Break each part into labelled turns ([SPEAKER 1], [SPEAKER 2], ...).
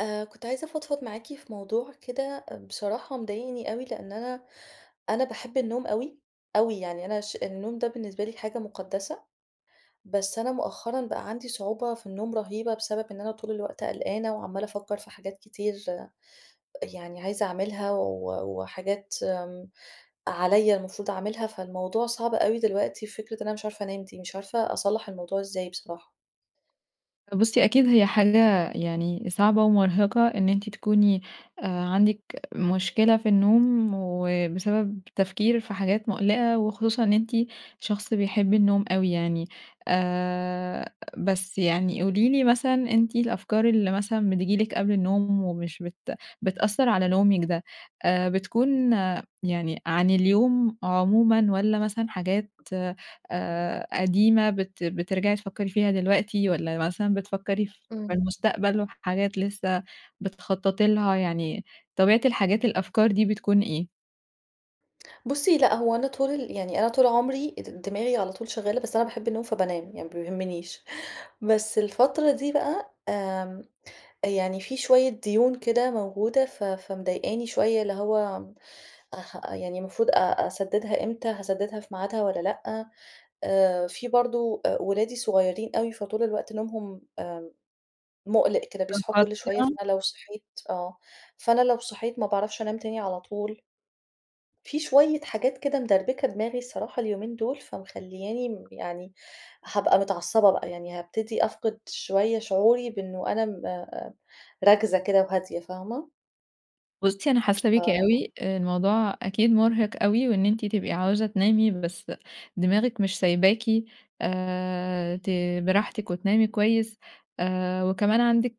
[SPEAKER 1] آآ كنت عايزة أفضفض معاكِ في موضوع كده، بصراحة مضايقني أوي، لإن أنا، أنا باحب النوم أوي، أوي يعني أنا ش النوم ده بالنسبة لي حاجة مقدّسة، بس أنا مؤخرًا بقى عندي صعوبة في النوم رهيبة، بسبب إن أنا طول الوقت قلقانة، وعمّالة افكّر في حاجات كتير يعني عايزة أعملها و وحاجات آمم عليَّ المفروض اعملها، فالموضوع صعب أوي دلوقتي، فكرة إن أنا مش عارفة أنام دي، مش عارفة أصلّح الموضوع إزاي بصراحة.
[SPEAKER 2] بُصّي أكيد هي حاجة يعني صعبة ومُرهِقة، إن أنتِ تكوني آآ عندِك مشكلة في النوم، وبسبب تفكير في حاجات مُقلِقة، وخصوصًا إن أنتِ شخص بيحب النوم أوي يعني آآ، بس يعني قولي لي مثلًا، أنتِ الأفكار اللي مثلًا بتيجي لِك قبل النوم ومش بت بتأثّر على نومِك ده، آآ بتكون يعني عن اليوم عمومًا والّا مثلًا حاجات آآ قديمة بت بترجَعي تفكّري فيها دلوقتي، والّا مثلًا بتفكّري في
[SPEAKER 1] إمم.
[SPEAKER 2] المستقبل وحاجات لسه بتخطّطي لها، يعني طبيعة الحاجات الأفكار دي بتكون إيه؟
[SPEAKER 1] بُصّي، لأ هو أنا طول يعني أنا طول عمري د دماغي على طول شغالة، بس أنا باحب النوم فبانام يعني ما بيهمنيش، بس الفترة دي بقى آمم، يعني في شوية ديون كده موجودة ف فمضايقاني شوية، اللي هو اح يعني المفروض أ أسددها إمتى، هاسددها في ميعادها والّا لأ؟ آآ، في برضو أ ولادي صغيّرين أوي، فطول الوقت نومهم آآ، مُقلِق كده بيصحوا كل شوية،
[SPEAKER 2] مُتقطِّع.
[SPEAKER 1] فأنا لو صحيت آه، فأنا لو صحيت ما باعرفش أنام تاني على طول. في شوية حاجات كده مدربكة دماغي الصراحة اليومين دول، فمخلّياني م يعني هابقى متعصبة بقى, يعني هابتدي أفقد شوية شعوري بإنه أنا م آآ، راكزة كده وهادية، فاهمة؟
[SPEAKER 2] بُصّي، أنا حاسة بيكِ
[SPEAKER 1] ف
[SPEAKER 2] أوي، آآ، الموضوع أكيد
[SPEAKER 1] [unintelligible]
[SPEAKER 2] مرهق أوي، وإن أنتِ تبقي عاوزة تنامي بس دماغِك مش سايباكِ آآ، ت براحتِك وتنامي كويس، آآ، وكمان عندِك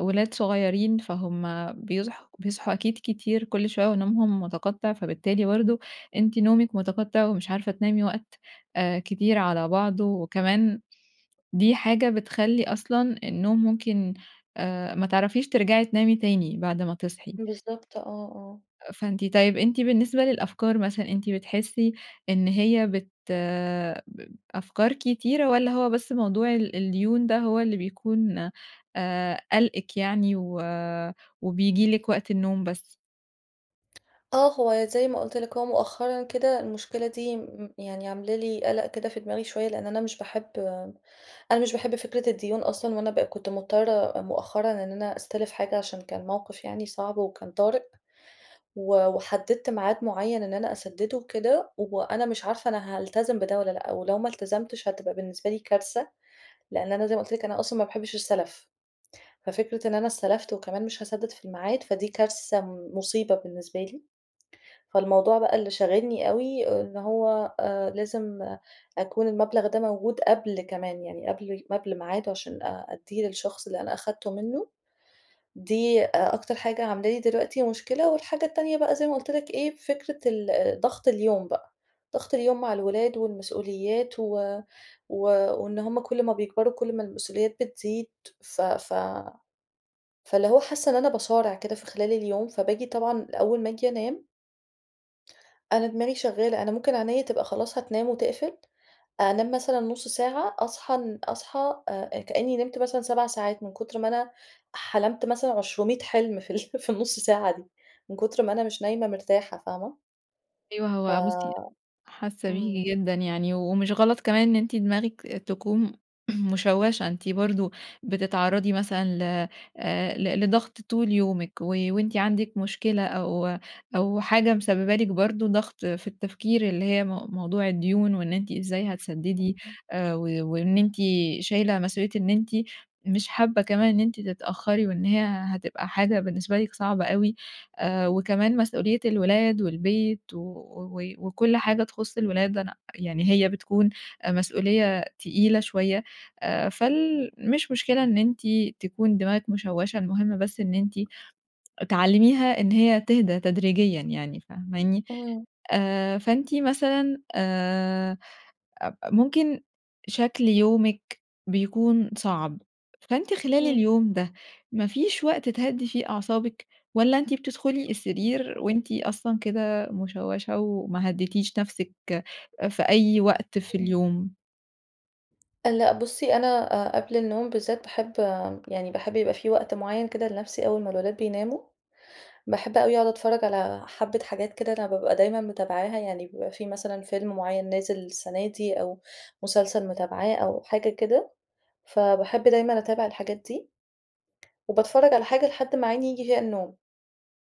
[SPEAKER 2] ولاد صغيّرين فهُم بيصحوا بيصحوا أكيد كتير كل شوية ونومهم مُتقطّع، فبالتالي برضو أنتِ نومِك مُتقطّع ومش عارفة تنامي وقت آآ، كتير على بعضه، وكمان دي حاجة بتخلّي أصلًا النوم ممكن آآ، ما تعرفيش ترجعي تنامي تاني بعد ما تصحي.
[SPEAKER 1] بالضبط، آه آه.
[SPEAKER 2] فأنتِ طيب أنتِ بالنسبة للأفكار مثلًا، أنتِ بتحسي إن هي بت ب أفكار كتيرة والّا هو بس موضوع ال الديون ده هو اللي بيكون آآ قالقِك يعني و وبييجي لِك وقت النوم بس؟
[SPEAKER 1] آه، هو زي ما قُلت لِك، هو مؤخرًا كده المشكلة دي م يعني عاملة لي قلق كده في دماغي شوية، لإن أنا مش باحب أنا مش باحب فكرة الديون أصلًا، وأنا بقى كنت مضطرة مؤخرًا إن أنا أستلِف حاجة عشان كان موقف يعني صعب وكان طارئ، و وحدِدت ميعاد مُعين إن أنا أسددُه وكده، وأنا مش عارفة أنا هالتزم بده والّا لأ، ولو ما التزمتش هتبقى بالنسبة لي كارثة، لإن أنا زي ما قُلت لِك أنا أصلًا ما باحبش السلف، ففكرة إن أنا استلفت وكمان مش هاسدد في الميعاد فدي كارثة مُصيبة بالنسبة لي، فالموضوع بقى اللي شاغلّني أوي إن هو آآ لازم أكون المبلغ ده موجود قبل كمان يعني قبل قبل ميعاده، عشان أ أديه للشخص اللي أنا أخدته منُه، دي أ أكتر حاجة عاملة لي دلوقتي مشكلة، والحاجة التانية بقى زي ما قُلت لِك إيه فكرة ال ضغط اليوم بقى، ضغط اليوم مع الولاد والمسؤوليات و و وإن هُم كل ما بيكبروا كل ما المسؤوليات بتزيد، ف ف فاللي هو حاسة إن أنا باصارع كده في خلال اليوم، فباجي طبعًا أول ما أجي أنام أنا دماغي شغالة، أنا ممكن عينيا تبقى خلاص هتنام وتقفل، أنام مثلًا نص ساعة أصحى أن أصحى آآ كأني نِمت مثلًا 7 ساعات من كُتر ما أنا حلمت مثلًا عشرُمِية حلم في ال في النُص ساعة دي، من كُتر ما أنا مش نايمة مرتاحة فاهمة؟
[SPEAKER 2] أيوه،
[SPEAKER 1] ف
[SPEAKER 2] هو بُصي حاسة بيكِ
[SPEAKER 1] امم.
[SPEAKER 2] جدًا، يعني ومش غلط كمان إن أنتِ دماغِك تكون مُشوَّشَة، أنتِ برضه بتتعرضي مثلًا ل آآ ل لضغط طول يومِك، و وأنتِ عندِك مشكلة أو أو حاجة مسببه لِك برضه ضغط في التفكير اللي هي م موضوع الديون، وإن أنتِ إزاي هتسدِّدي
[SPEAKER 1] [unintelligible]
[SPEAKER 2] آآ و وإن أنتِ شايلة مسؤوليّة إن أنتِ مش حابة كمان إن أنتِ تتأخري، وإن هي هتبقى حاجة بالنسبة لِك صعبة أوي، آآ وكمان مسؤوليّة الولاد والبيت و وكل حاجة تخُص الولاد أنا يعني هي بتكون مسؤوليّة تقيلة شوية، آآ فال مش مشكلة إن أنتِ تكون دماغِك مُشوَّشَة، المُهم بس إن أنتِ تعلميها إن هي تِهدى تدريجيًا يعني فاهماني؟
[SPEAKER 1] امم.
[SPEAKER 2] آآ فأنتِ مثلًا آآ أب ممكن شكل يومِك بيكون صعب، فأنتِ خلال
[SPEAKER 1] امم.
[SPEAKER 2] اليوم ده ما فيش وقت تهدي فيه أعصابِك، والّا أنتِ بتدخُلي السرير وأنتِ أصلًا كده مُشوَّشة وما هدِّيتيش نفسِك في أي وقت في
[SPEAKER 1] امم.
[SPEAKER 2] اليوم؟
[SPEAKER 1] لأ بُصّي، أنا أ قبل النوم بالذات باحب يعني باحب يبقى في وقت معيّن كده لنفسي أول ما الولاد بيناموا. باحب أوي أقعد أتفرّج على حبّة حاجات كده أنا بابقى دايمًا متابعاها. يعني بيبقى في مثلًا فيلم معيّن نازل السنة دي، أو مسلسل متابعاه أو حاجة كده. فباحب دايمًا أتابع الحاجات دي. وباتفرّج على حاجة لحد ما عيني ييجي فيها النوم.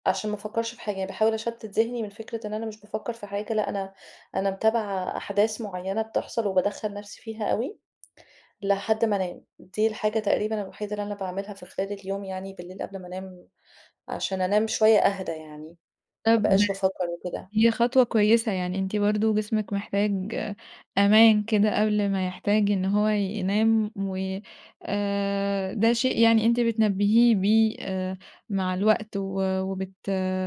[SPEAKER 1] عشان ما أفكّرش في حاجة. يعني باحاول أشتت ذهني من فكرة إن أنا مش بافكّر في حاجة لأ، أنا أنا متابعة أحداث معيّنة بتحصل، وبادخّّل نفسي فيها أوي لحد ما أنام. دي الحاجة تقريبًا الوحيدة اللي أنا باعملها في خلال اليوم يعني بالليل قبل ما أنام. عشان أنام شوية أهدى يعني ما
[SPEAKER 2] طب
[SPEAKER 1] أبقاش بافكّر وكده.
[SPEAKER 2] هي خطوة كويسة. يعني أنتِ برضه جسمِك محتاج أمان كده قبل ما يحتاج إن هو ينام و آآ ده شيء يعني أنتِ بتنبّهيه بيه آآ مع الوقت، و وبت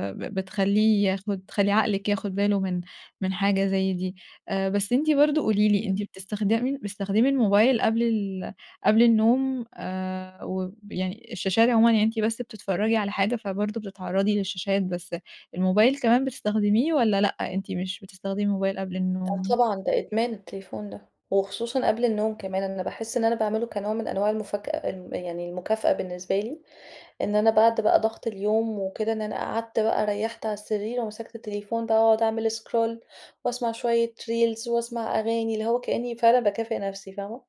[SPEAKER 2] ب بتخلّيه ياخُد تخلّي عقلِك ياخُد باله من من حاجة زي دي. أ بس أنتِ برضه قولي لي، أنتِ
[SPEAKER 1] إمم.
[SPEAKER 2] بتستخدم بتستخدمي الموبايل قبل ال قبل النوم آآ وب يعني الشاشات عمومًا، يعني أنتِ بس بتتفرّجي على حاجة، فبرضه بتتعرّضي للشاشات بس الموبايل كمان بتستخدميه، والّا لأ أنتِ مش بتستخدمي موبايل قبل
[SPEAKER 1] آه
[SPEAKER 2] النوم؟
[SPEAKER 1] طبعًا ده إدمان التليفون ده. وخصوصًا قبل النوم كمان. أنا باحِس إن أنا باعمله كنوع من أنواع المُفَكأ ام يعني المكافأة بالنسبة لي، إن أنا بعد بقى ضغط اليوم وكده إن أنا قعدت بقى ريَّحت على السرير ومسكت التليفون بقى واقعد أعمل scroll، واسمع شوية Reels، واسمع أغاني. اللي هو كإني فعلًا باكافئ نفسي فاهمة؟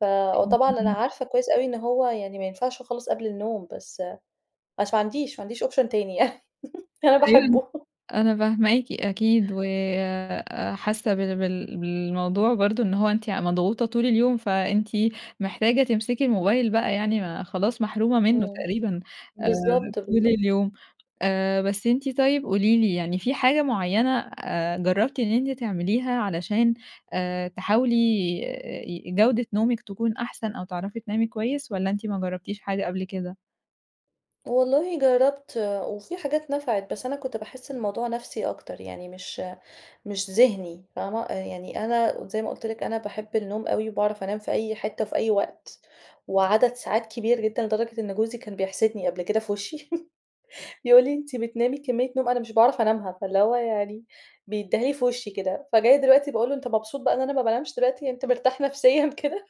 [SPEAKER 1] ف
[SPEAKER 2] أيوه
[SPEAKER 1] وطبعًا أنا
[SPEAKER 2] فاهماكِ.
[SPEAKER 1] عارفة كويس أوي إن هو يعني ما ينفعش خالص قبل النوم. بس بس ما عنديش ما عنديش أوبشن يعني أنا
[SPEAKER 2] أيوه
[SPEAKER 1] باحبه.
[SPEAKER 2] أنا فاهماكِ أكيد، وأ حاسّة بال بال بالموضوع برضه إن هو أنتِ يع مضغوطة طول اليوم فأنتِ محتاجة تمسكي الموبايل بقى يعني ما خلاص محرومة منّه
[SPEAKER 1] إمم.
[SPEAKER 2] تقريبًا آآ
[SPEAKER 1] بالضبط،
[SPEAKER 2] طول
[SPEAKER 1] بالضبط.
[SPEAKER 2] اليوم. آآ بس أنتِ طيب قولي لي، يعني في حاجة معيّنة أ جرّبتِ إن أنتِ تعمليها علشان آآ تحاولي ي جودة نومِك تكون أحسن أو تعرفي تنامي كويس، والّا أنتِ ما جرّبتيش حاجة قبل كده؟
[SPEAKER 1] والله جرّبت، وفي حاجات نفعِت بس أنا كنت باحس الموضوع نفْسي أكتر، يعني مش مش ذِهني فاهمة؟ يعني أنا زي ما قُلت لِك، أنا باحب النوم أوي، وباعرف أنام في أي حِتَّة، في أي وقت، وعدد ساعات كبير جدًا، لدرجة إن جوزي كان بيحسِدني قبل كده في وشي يقول لي: "أنتِ بتنامي كميّة نوم أنا مش باعرف أنامها." فاللي هو يعني بيدّيها لي في وشي كده، فجاية دلوقتي باقول له أنت مبسوط بقى إن أنا ما بانامش دلوقتي، أنت مرتاح نفسيًا كده؟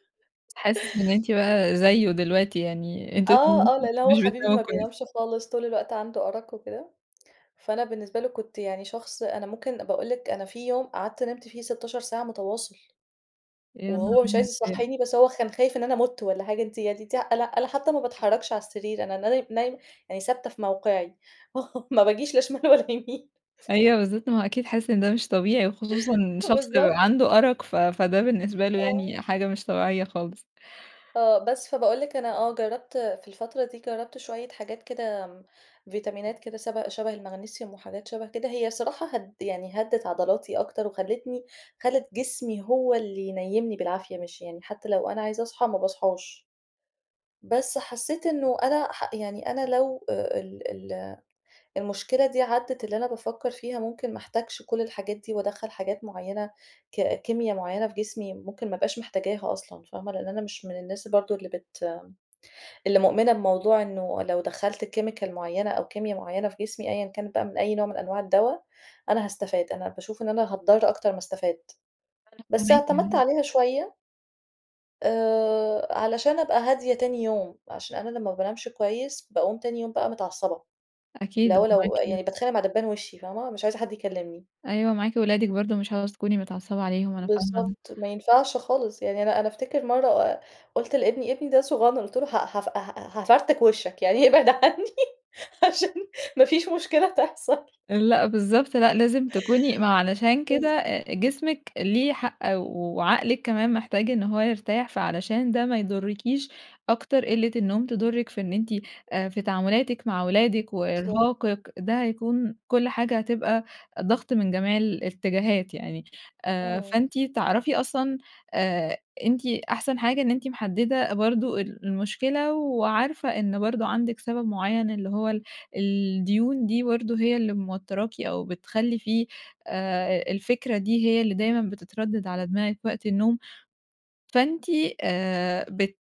[SPEAKER 2] حاسس إن أنتِ
[SPEAKER 1] [unintelligible]
[SPEAKER 2] بقى زيه دلوقتي، يعني أنتم
[SPEAKER 1] آه،
[SPEAKER 2] الاتنين
[SPEAKER 1] آه، لإن هو
[SPEAKER 2] مش
[SPEAKER 1] حبيبي
[SPEAKER 2] بتناموا
[SPEAKER 1] ما
[SPEAKER 2] كويس.
[SPEAKER 1] بينامش خالص، طول الوقت عنده أرق وكده. فأنا بالنسبة له كنت يعني شخص، أنا ممكن باقول لِك أنا في يوم قعدت نمت فيه 16 ساعة مُتواصل.
[SPEAKER 2] يا نهار
[SPEAKER 1] وهو مش عايز
[SPEAKER 2] [unintelligible]
[SPEAKER 1] يصحّيني، بس هو خا كان خايف إن أنا مُت والّا حاجة، أنتِ يعني ت أنا أنا حتى ما
[SPEAKER 2] أكيد.
[SPEAKER 1] باتحرّكش على السرير، أنا ناي نايمة، يعني ثابتة في موقعي ما باجيش لا شمال ولا يمين
[SPEAKER 2] أيوه بالضبط، ما هو أكيد حاسس إن ده مش طبيعي، وخصوصًا إن شخص
[SPEAKER 1] بالضبط.
[SPEAKER 2] عنده أرق ف فده بالنسبة له
[SPEAKER 1] آه.
[SPEAKER 2] يعني حاجة مش طبيعية خالص.
[SPEAKER 1] آه، بس، فباقول لِك أنا آه جرّبت في الفترة دي، جرّبت شويّة حاجات كده فيتامينات كده سب شَبه الماغنيسيوم وحاجات شَبه كده، هي الصراحة هد يعني هدِّت عضلاتي أكتر وخلّتني، خلّت جسمي هو اللي ينيّمني بالعافية، مش يعني حتى لو أنا عايزة أصحى ما باصحاش. بس حسّيت إنه أنا ح يعني أنا لو أ ال ال المشكلة دي عدّت، اللي أنا بافكّر فيها ممكن ما احتاجش كل الحاجات دي وأدخّل حاجات معينة ك كيميا معينة في جسمي، ممكن ما ابقاش محتاجاها أصلًا فاهمة؟ لإن أنا مش من الناس برضه اللي بت اللي مؤمنة بموضوع إنه لو دخّلت chemical معيّنة أو كيميا معيّنة في جسمي، أيًا كانت بقى من أي نوع من أنواع الدوا، أنا هاستفاد، أنا باشوف إن أنا هاتضّر أكتر ما استفاد.
[SPEAKER 2] أنا
[SPEAKER 1] بس
[SPEAKER 2] فاهماكِ.
[SPEAKER 1] اعتمدت
[SPEAKER 2] اهم.
[SPEAKER 1] عليها شوية. آآ علشان أبقى هادية تاني يوم، عشان أنا لمّا ما بانامش كويّس؛ باقوم تاني يوم بقى متعصبة.
[SPEAKER 2] أكيد
[SPEAKER 1] لو لو
[SPEAKER 2] ومعاكِ
[SPEAKER 1] يعني باتخانق مع دبّان وشي فاهمة؟ مش عايزة حد يكلمني.
[SPEAKER 2] أيوه معاكِ ولادِك برضه مش عاوزة تكوني متعصبة عليهم أنا فاهمة ال
[SPEAKER 1] بالضبط ما ينفعش خالص يعني، أنا أنا أفتكر مرّة قُلت لابني، ابني ده صغنن قُلت له ه هاف ها هافرتك وشَّك، يعني إبعد عني عشان ما فيش مشكلة تحصل.
[SPEAKER 2] لأ، بالضبط لأ، لازم تكوني ما علشان كده
[SPEAKER 1] بالض
[SPEAKER 2] أ جسمِك ليه حق وعقلِك كمان محتاج إن هو يرتاح، فعلشان ده ما يضرّكيش أكتر، قِلّة النوم تضرِّك في إن أنتِ أ في تعاملاتِك مع ولادِك
[SPEAKER 1] بالضبط.
[SPEAKER 2] وإرهاقِك، ده هيكون كل حاجة هتبقى ضغط من جميع الاتجاهات يعني، آآ،
[SPEAKER 1] إمم.
[SPEAKER 2] فأنتِ تعرفي أصلًا آآ أنتِ أحسن حاجة إن أنتِ محدّدة برضه ال المشكلة وعارفة إن برضه عندِك سبب معيّن، اللي هو ال الديون دي برضه هي اللي موتّراكِ أو بتخلّي فيه آآ الفكرة دي هي اللي دايمًا بتتردّد على دماغِك وقت النوم. فأنتِ آآ بت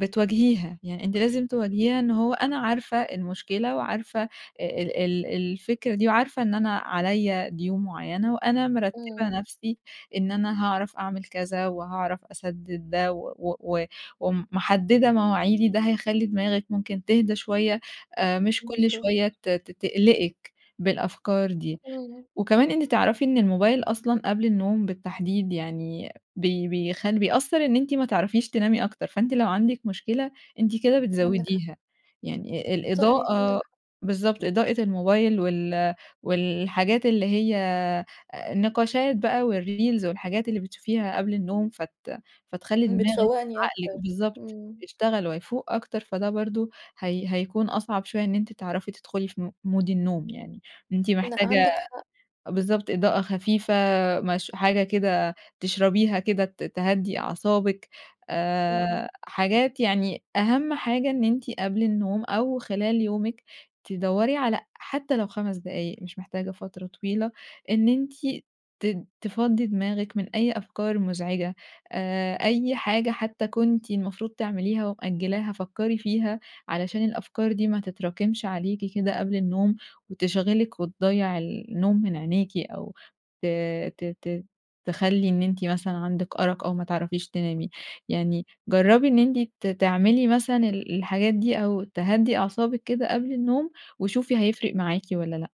[SPEAKER 2] بتواجهيها، يعني أنتِ لازم تواجهيها إن هو أنا عارفة المشكلة وعارفة ال ال الفكرة دي وعارفة إن أنا عليّا ديون معيّنة وأنا مرتّبة
[SPEAKER 1] إمم.
[SPEAKER 2] نفسي إن أنا هاعرف أعمل كذا وهاعرف أسدد ده و و ومحدّدة مواعيدي، ده هيخلّي دماغِك ممكن تهدى شويّة، آآ مش كل
[SPEAKER 1] بالضبط.
[SPEAKER 2] شوية ت ت تقلقِك بالأفكار دي.
[SPEAKER 1] إمم.
[SPEAKER 2] وكمان أنتِ تعرفي إن الموبايل أصلًا قبل النوم بالتحديد يعني بي بي بيخلّ بيأثّر إن أنتِ ما تعرفيش تنامي أكتر، فأنتِ لو عندك مشكلة أنتِ كده
[SPEAKER 1] عندِك حق.
[SPEAKER 2] بتزوّديها. يعني ال
[SPEAKER 1] صحيح، عندِك
[SPEAKER 2] الإضاءة
[SPEAKER 1] حق.
[SPEAKER 2] بالضبط، إضاءة الموبايل وال والحاجات اللي هي النقاشات بقى والreels والحاجات اللي بتشوفيها قبل النوم فت فتخلّي دماغِك،
[SPEAKER 1] بتفوّقني أكتر.
[SPEAKER 2] عقلِك، بالضبط،
[SPEAKER 1] إمم.
[SPEAKER 2] يشتغل ويفوُق أكتر، فده برضه هي هيكون أصعب شوية إن أنتِ تعرفي تدخُلي في م مود النوم يعني. أنتِ
[SPEAKER 1] لأ
[SPEAKER 2] محتاجة
[SPEAKER 1] عندِك حق.
[SPEAKER 2] بالضبط إضاءة خفيفة مش حاجة كده تشربيها كده ت تهدّي أعصابِك
[SPEAKER 1] إمم.
[SPEAKER 2] آآ حاجات يعني، أهم حاجة إن أنتِ قبل النوم أو خلال يومِك تدّوري على حتى لو 5 دقايق مش محتاجة فترة طويلة، إن أنتِ ت تفضّي دماغِك من أي أفكار مزعجة آآ، أي حاجة حتى كنتِ المفروض تعمليها ومأجّلاها فكّري فيها علشان الأفكار دي ما تتراكمش عليكِ كده قبل النوم وتشغلِك وتضّيع النوم من عينيكِ أو ت ت ت تخلّي إن أنتِ مثلًا عندِك أرق أو ما تعرفيش تنامي يعني جربّي إن أنتِ ت تعملي مثلًا ال الحاجات دي أو تهدّي أعصابِك كده قبل النوم وشوفي هيفرِق معاكِ ولا لأ؟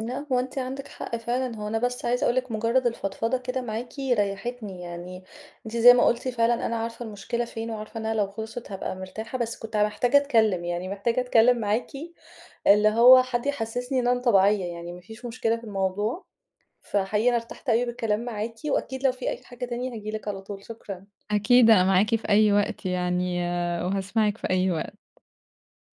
[SPEAKER 1] لأ هو أنتِ عندِك حق فعلًا، هو أنا بس عايزة أقول لِك مجرّد الفضفضة كده معاكِ ريّحتني يعني، أنتِ زي ما قُلتِ فعلًا أنا عارفة المشكلة فين وعارفة إنها لو خلْصِت هابقى مرتاحة، بس كنت محتاجة أتكلّم يعني، محتاجة أتكلّم معاكِ. اللي هو حد يحسّسني إن أنا طبيعية، يعني ما فيش مشكلة في الموضوع. فحقيقي أنا ارتحت أوي بالكلام معاكِ وأكيد لو في أي حاجة تاني هاجي لِك على طول. شكرًا.
[SPEAKER 2] أكيد أنا معاكِ في أي وقت يعني وهاسمعِك في أي وقت.